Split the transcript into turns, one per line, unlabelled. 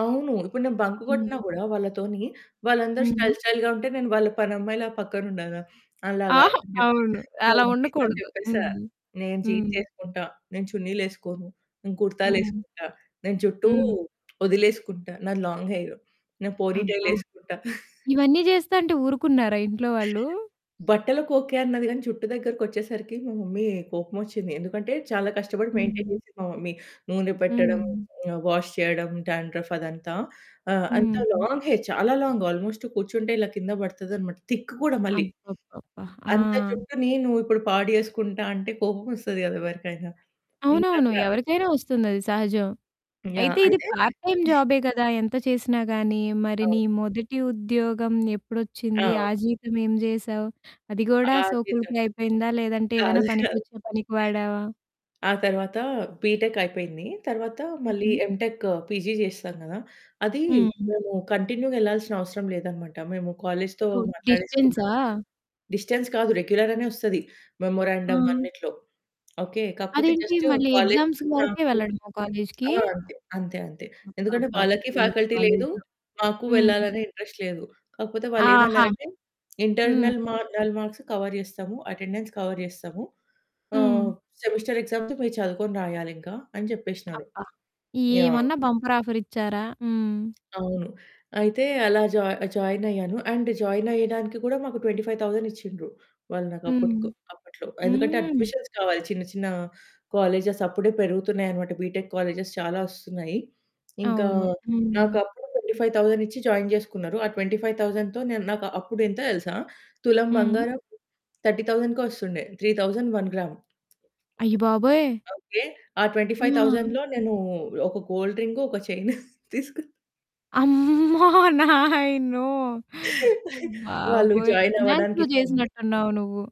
అవును. ఇప్పుడు నేను బంక్
హ్మ్.
కొట్టినా కూడా వాళ్ళతోని వాళ్ళందరూ స్టైల్
హ్మ్.
స్టైల్‌గా ఉంటే, నేను వాళ్ళ పనమ్మాయిలా పక్కన ఉండాల. అలా
ఆహా!
గాదని చెప్పి,
అవును.
మా
అలా
మమ్మీతోని
ఉండకూడదు.
చెప్పేసా,
హ్మ్
"నేను
హ్మ్.
జీన్స్ ఎసుకుంటా, నేను చున్నీలేసుకోను, నేను
హ్మ్.
కుర్తాలేసుకుంటా, నేను జు‌ట్టూ
హ్మ్.
ఒదిలేసుకుంటా" నాది లాంగ్ హెయిరు. నేను పోనీ
అబ్బ!
టైలేసుకుంటా.
ఇవన్నీ చేస్తాంటే ఊరుకున్నారా ఇంట్లో వాళ్ళు?
బట్టలకు ఓకె, అన్నది గానీ జూట్టు దగ్గరికొచ్చేసరికి మా మమ్మీ కోపమోచ్చింది. ఎందుకంటే చాలా కష్టపడి మెయింటైన్
హ్మ్.
చేసింది మా మమ్మీ. నూనె పెట్టడం,
హ్మ్.
వాష్ చేయడం, డాండ్రఫ్ అదంతా. ఆహ్, అంత
హ్మ్.
లాంగ్ హెయిర్, చాలా లాంగ్ ఆల్మోస్ట్ కూర్చుంటే ఇలా కింద పడుతుందన్నమాట. థిక్ కూడా మళ్ళీ.
అబ్బబ్బబ్బా!
అంత
ఆ!
జుట్టుని నువ్వు ఇప్పుడు పాడు చేసుకుంటా అంటే కోపమోస్తది కదా! ఎవరికైనా ఇంక
అవునవును,
అట్ల
ఎవరికైనా వస్తుంది అది సహజం.
యాహ్!
అయితే ఇది
అంటే
పార్ట్ టైమ్ జాబే కదా! ఎంత చేసినా గాని. మరి నీ
అవును.
మొదటి ఉద్యోగం ఎప్పుడొచ్చింది?
ఆ!
ఆ జీతం ఏం చేసావు? అది
ఆ!
గుడా
గీతా
సోకులకే అయిపోయిందా లేదంటే ఏదైనా
కాదు, కాదు.
పనికొచ్చే పనికి వాడావా?
ఆ తరువాత బిటెక్ అయిపోయింది. తరువాత మళ్ళీ
హుహు.
ఎమ్‌టెక్ పీజీ చేసాం గదా! అది
హ్మ్.
మేము కంటిన్యూగా ఎళ్ళాల్సిన అవసరం లేదన్నమాట. మేము కాలేజ్‌తో
ఓహ్!
మాట్లాడేసుకున్నాం.
డిస్టెన్సా?
డిస్టెన్స్ కాదు. రెగ్యులర్ అనే ఓస్తది. మెమోరాండం
ఆ!
అన్నిట్లో. ఓకె, కాకపోతే
అదేంటి
జస్టు
మళ్ళీ
కాలేజి
ఎగ్జామ్స్ వరకే
నాకు
వెళ్ళడమా కాలేజ్‌కి?
ఆ! అంతే అంతే అంతే. ఎందుకంటే వాళ్ళకి
అబ్బబ్బబ్బా! ఏం
ఫ్యాకల్టీ లేదు,
కాలేజో.
మాకు
హ్మ్.
వెళ్ళాలనె ఇంట్రెస్ట్ లేదు. కాకపోతే, వాళ్ళు
ఆహా!
ఏమన్నారంటే
హ్మ్.
"ఇంటర్నల్ మార్న్‌ల్ మార్క్స్ కవర్ చేస్తాము, అటెండెన్స్ కవర్ చేస్తాము, ఆహ్,
హ్మ్.
సెమిస్టర్ ఎగ్జామ్స్ మీరు చదువుకొని రాయాలింకా" అని చెప్పేసినారు.
అబ్బ!
యాహ్!
ఏమన్నా బంపర్ ఆఫర్ ఇచ్చారా. హ్మ్.
అవును. అయితే అలా జాయి జాయిన్ అయ్యాను. అండ్ జాయిన్ అయ్యడానికి కూడా మాకు 25,000 ఇచ్చిండ్రు. వాళ్ళు
హ్మ్.
నాకప్పట్కు అప్పట్లో ఎందుకంటే
హ్మ్.
అడ్మిషన్స్ కావాలి చిన్న చిన్న కాలేజెస్ అప్పుడే పెరుగుతున్నాయి అనమాట. బిటెక్ కాలేజ్స్ చాలా ఓస్తున్నాయి. ఇంకా
అవును.
నాకు
హ్మ్.
అప్పుడు 25,000 ఇచ్చి జాయిన్ జేసుకున్నారు. ఆ 25,000తో నేను నాకు అప్పుడు ఎంతో తెలుసా? తులం
హ్మ్.
బంగారం 30,000 కొస్తుండే 3000 1 గ్రామ్.
అయ్య బాబోయ్!
ఓకె. ఆ ట్వెంటీ ఫైవ్
ఆ!
థౌసండ్ నేను ఒక గోల్డ్ రింగు, ఒక చైన్ తీసుకున్న.
అమ్మో! నాయినో!
వాళ్ళు
బాబోయ్!
జాయిన్
ఫైనాన్స్‌లో
అవ్వడానికిచ్చింది.
చేసినట్టున్నావు నువ్వు.